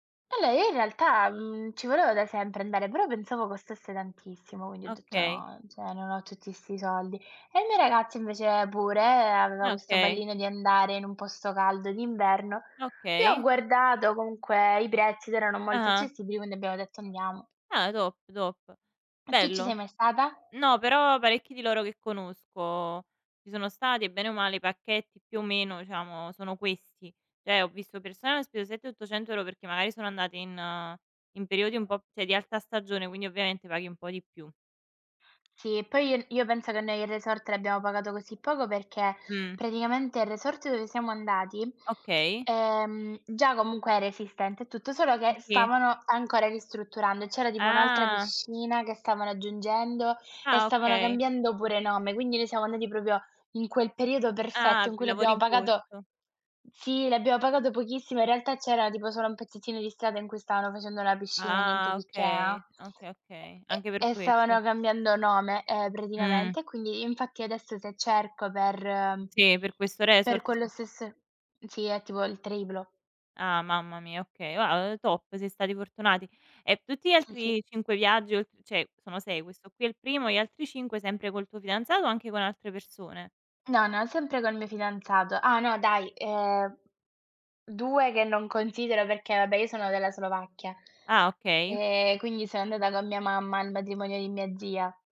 E lei in realtà, mhmm, ci voleva da sempre andare, però pensavo costasse tantissimo quindi ho detto: Okay. "No, cioè, non ho tutti 'sti soldi". E il mio ragazzo invece, pure, aveva Eh, questo okay. pallino di andare in un posto caldo d'inverno. E ho Okay. guardato comunque i prezzi ed erano molto Ah-ah. accessibili, quindi abbiamo detto: "Andiamo." Ah, top, top. E tu ci sei Bello. mai stata? No però parecchi di loro che conosco ci sono stati e bene o male i pacchetti più o meno diciamo sono questi. Cioè ho visto persone che hanno speso 7, 800 € perché magari sono andate in in periodi un po' cioè di alta stagione quindi ovviamente paghi un po' di più. Sì, poi io io penso che noi il resort l'abbiamo pagato così poco perché Mh. praticamente il resort dove siamo andati, Okay. ehm, già comunque era esistente e tutto, solo Eh che sì. stavano ancora ristrutturando e c'era tipo un'altra Ah! piscina che stavano aggiungendo e Ah, stavano okay. cambiando pure nome, quindi noi siamo andati proprio in quel periodo Ah, perfetto av in cui lavori l'abbiamo in pagato corso. sì, l'abbiamo pagato pochissimo, in realtà c'era tipo solo un pezzettino di strada in cui stavano facendo la piscina, niente Ah! di che, ah, Okay, okay, okay. e Anche per e e questo. stavano cambiando nome, ehm, Mh. praticamente e quindi infatti adesso se cerco per Sì, per questo per resort, quelle sì. stesse sì è tipo il triplo. Ah mamma mia, okay. Ah, uhm, top, siete stati fortunati. E tutti gli Sì, sì. altri 5 viaggi oltr cioè sono 6, questo qui è il primo, gli altri 5 sempre col tuo fidanzato o anche con altre persone? No, no, sempre col mio fidanzato. Ah no dai, ehm, 2 che non considero perché, vabbè, io sono della Slovacchia Ah, okay. e quindi so andata con mia mamma al matrimonio di mia zia.